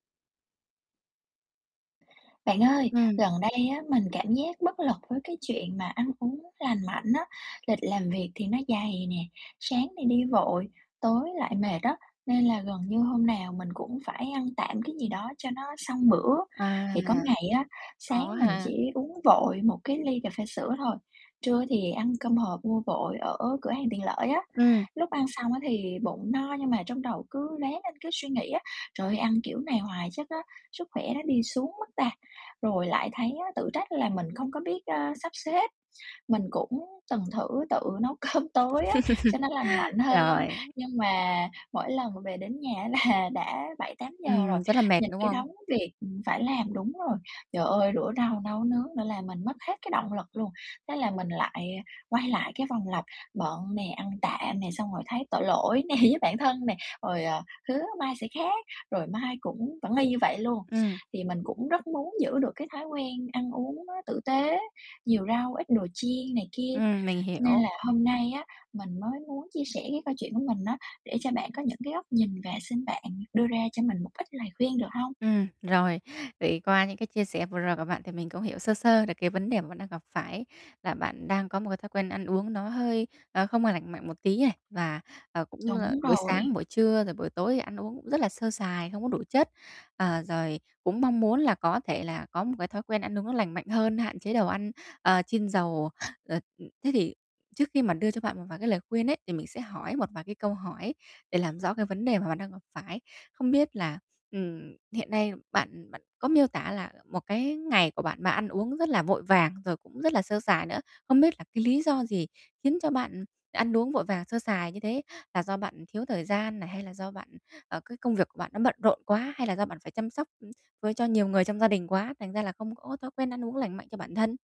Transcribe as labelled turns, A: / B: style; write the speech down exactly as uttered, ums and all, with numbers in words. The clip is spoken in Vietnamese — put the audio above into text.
A: Bạn ơi,
B: Ừm.
A: gần đây á, mình cảm giác bất lực với cái chuyện mà ăn uống lành mạnh á. Lịch làm việc thì nó dày nè, sáng thì đi vội, tối lại mệt á, nên là gần như hôm nào mình cũng phải ăn tạm cái gì đó cho nó xong bữa.
B: À.
A: Thì có ngày á, sáng
B: Khó
A: mình
B: ha.
A: chỉ uống vội một cái ly cà phê sữa thôi, trưa thì ăn cơm hộp mua vội ở cửa hàng tiện lợi á.
B: Ừm.
A: Lúc ăn xong á thì bụng no nhưng mà trong đầu cứ loé lên cứ suy nghĩ á: "Trời ơi! Ăn kiểu này hoài chắc á, sức khỏe nó đi xuống mất ta?" Rồi lại thấy, á, tự trách là mình không có biết, ơ, sắp xếp. Mình cũng từng thử tự nấu cơm tối á, cho nó lành mạnh hơn,
B: Rồi.
A: nhưng mà mỗi lần về đến nhà á là đã bảy tám giờ rồi,
B: Ừm, rất là mệt,
A: nhìn
B: đúng
A: cái
B: không?
A: đống việc, ừm, phải làm đúng rồi. Trời ơi, rửa rau, nấu nướng nữa, làm mình mất hết cái động lực luôn. Thế là mình lại, à, quay lại cái vòng lập bận nè, ăn tạm nè, xong rồi thấy tội lỗi nè, với bản thân nè, rồi, ờ, hứa mai sẽ khác, rồi mai cũng vẫn y như vậy luôn.
B: Ừm.
A: Thì mình cũng rất muốn giữ được cái thói quen ăn uống nó tử tế, nhiều rau, ít đồ chiên này kia,
B: Ừm, mình
A: nên
B: hiểu.
A: là hôm nay á, mình mới muốn chia sẻ cái câu chuyện của mình á, để cho bạn có những cái góc nhìn và xin bạn đưa ra cho mình một ít lời khuyên, được hông?
B: Ừm, rồi. Vậy qua những cái chia sẻ vừa rồi của bạn thì mình cũng hiểu sơ sơ được cái vấn đề mà bạn đang gặp phải là bạn đang có một cái thói quen ăn uống nó hơi, ờ, không có lành mạnh một tí này và, ờ, cũng là
A: Đúng
B: buổi sáng,
A: rồi.
B: buổi trưa, rồi buổi tối thì ăn uống cũng rất là sơ sài, không có đủ chất. Ờ, rồi cũng mong muốn là có thể là có một cái thói quen ăn uống lành mạnh hơn, hạn chế đầu ăn, ờ, chiên dầu. Ờ, ừ, thế thì trước khi mà đưa cho bạn một vài cái lời khuyên ấy thì mình sẽ hỏi một vài cái câu hỏi để làm rõ cái vấn đề mà bạn đang gặp phải. Không biết là, ừm, hiện nay bạn, ừm, bạn có miêu tả là, ờ, một cái, ngày của bạn, bạn ăn uống rất là vội vàng, rồi cũng rất là sơ sài nữa, không biết là cái lý do gì khiến cho bạn, ừ, ăn uống vội vàng, sơ sài như thế? Là do bạn, ừ, thiếu thời gian này, hay là do bạn, ừ, ờ, cái công việc của bạn nó bận rộn quá hay là do bạn phải chăm sóc, ưm, với cho nhiều người trong gia đình quá, thành ra là không có thói quen ăn uống lành mạnh cho bản thân?